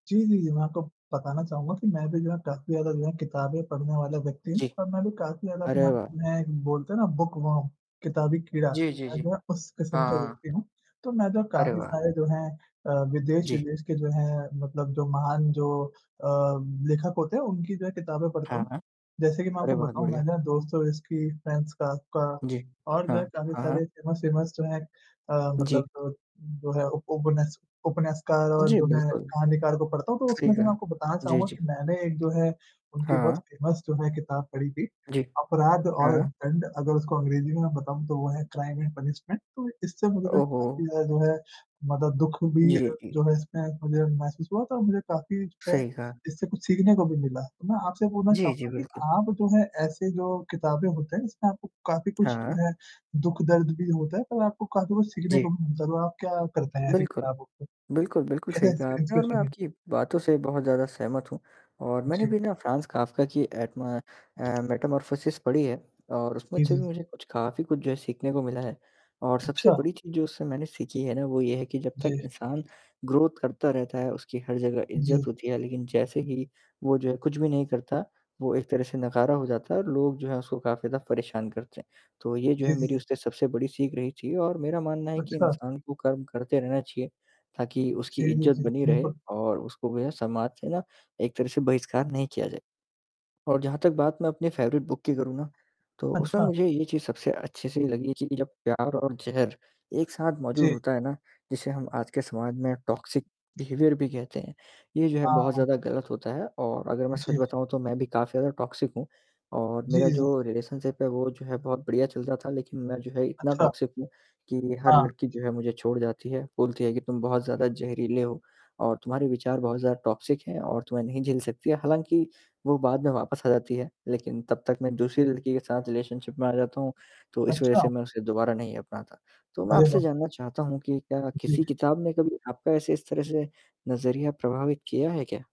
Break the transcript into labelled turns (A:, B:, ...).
A: जी, जी, जी, मैं आपको बताना चहूँगा कि मैं भी जो है काफ़ी ज़्यादा जो है किताबें पढ़ने वाला व्यक्ति हूँ
B: जी।
A: और मैं भी काफ़ी ज़्यादा अपने
B: अरे
A: आप
B: वाह!
A: में बोलते हैं ना बुकवॉर्म, किताबी कीड़ा।
B: जी, जी,
A: मैं
B: जी।
A: जो है उस
B: हाँ,
A: किस्म का
B: हाँ।
A: व्यक्ति हूँ। तो मैं जो
B: अरे
A: काफ़ी
B: वाह!
A: सारे जो हैं अ,
B: जी।
A: विदेश-विदेश के जो हैं मतलब जो महान जो अ, लेखक होते हैं उनकी जो है किताबें पढ़ता हूँ,
B: हाँ।
A: जैसे कि मैं
B: अरे
A: आपको
B: बहुत
A: बताऊँ
B: बढ़िया!
A: मैं ना दोस्तोयेव्स्की, फ्रांज काफ्का
B: जी।
A: और
B: हाँ,
A: जो काफ़ी
B: हाँ, हाँ।
A: सारे फ़ेमस-फ़ेमस जो हैं अ,
B: जी।
A: मतलब जो है ओपोनेस्क ओपोनेस्कार और
B: जी
A: जो है
B: बिल्कुल,
A: कहानीकार को पढ़ता हूँ तो
B: सही
A: उसमें से मैं
B: कहा।
A: आपको बताना
B: जी,
A: चहूँगा
B: जी।
A: कि मैंने एक जो है उनकी बहुत
B: हाँ।
A: फ़ेमस जो है किताब पढ़ी थी,
B: जी।
A: अपराध और
B: हाँ।
A: दंड अगर उसको अंग्रेज़ी में मैं बताऊँ तो वो है क्राइम एंड पनिशमेंट, तो इससे मुझे
B: ओहो!
A: काफ़ी ज़्यादा जो है मतलब दुःख भी
B: जी,
A: अ,
B: जी।
A: जो है इसमें मुझे महसूस हुआ था, मुझे काफ़ी जो है
B: सही कहा।
A: जिससे कुछ सीखने को भी मिला। मैं आपसे बोलना
B: जी, जी,
A: चहूँगा कि
B: बिल्कुल।
A: आप जो है ऐसे जो किताबें होते हैं इसमें आपको काफ़ी कुछ
B: हाँ।
A: जो है दुःख-दर्द भी होता है पर आपको काफ़ी कुछ सीखने
B: जी।
A: को भी मिलता है, आप क्या करते हैं ऐसी
B: बिल्कुल।
A: किताबों को?
B: बिल्कुल, बिल्कुल
A: कैसे
B: सही कहा
A: इंस्प्री
B: आपने और मैं
A: इन्सपिरेसन
B: आपकी
A: मिलती।
B: बातों से बहुत ज़्यादा सहमत हूँ। और मैंने
A: जी।
B: भी ना फ्रांज काफ्का की एडमा अ, मेटामॉर्फोसिस पढ़ी है और उसमें
A: जी,
B: अच्छे
A: जी, जी।
B: मुझे कुछ काफ़ी कुछ जो है सीखने को मिला है। और सबसे
A: अच्छा।
B: बड़ी चीज़ जो उससे मैंने सीखी है ना वो ये है कि जब तक
A: जी।
B: इंसान ग्रोथ करता रहता है उसकी हर जगह इज़्ज़त
A: जी।
B: होती है लेकिन जैसे ही वो जो है कुछ भी नहीं करता, वो एक तरह से नकारा हो जाता है और लोग जो है उसको काफ़ी ज़्यादा परेशान करते हैं। तो ये जो है
A: जी, जी,
B: मेरी
A: जी।
B: उससे सबसे बड़ी सीख रही थी और मेरा मानना है कि
A: अच्छा।
B: इंसान को कर्म करते रहना चाहिए। ताकि उसकी
A: जी, जी,
B: इज़्ज़त
A: जी।
B: बनी रहे
A: बिल्कुल।
B: और उसको वैसा समाज से ना एक तरह से बहिष्कार नहीं किया जाए। और जहाँ तक बात मैं अपनी फ़ेवरेट बुक की करूँ ना, तो उसमें
A: अच्छा।
B: मुझे ये चीज़ सबसे अच्छे से लगी कि जब प्यार और ज़हर एक साथ मौजूद
A: जी।
B: होता है ना जिसे हम आज के समाज में टॉक्सिक बिहेवियर भी कहते हैं। ये जो है बहुत
A: हाँ।
B: ज़्यादा गलत होता है और अगर मैं सच
A: जी।
B: बताऊँ तो मैं भी काफ़ी ज़्यादा टॉक्सिक हूँ और मेरा
A: जी।
B: जो रिलेशनशिप है वो जो है बहुत बढ़िया चल रहा था लेकिन मैं जो है इतना
A: अच्छा।
B: टॉक्सिक हूँ, कि हर
A: हाँ।
B: लड़की जो है मुझे छोड़ जाती है। बोलती है कि तुम बहुत ज़्यादा ज़हरीले हो और तुम्हारे विचार बहुत ज़्यादा टॉक्सिक हैं और तुम्हें नहीं झेल सकती है हालाँकि वो बाद में वापस आ जाती है, लेकिन तब तक मैं दूसरी लड़की के साथ रिलेशनशिप में आ जाता हूँ, तो इस वज़ह
A: अच्छा।
B: से मैं उसे दोबारा नहीं अपनाता। तो मैं
A: अरे
B: आपसे
A: वाह!
B: जानना चाहता हूँ कि क्या किसी
A: जी।
B: किताब में कभी आपका ऐसे इस तरह से नज़रिया प्रभावित किया है क्या?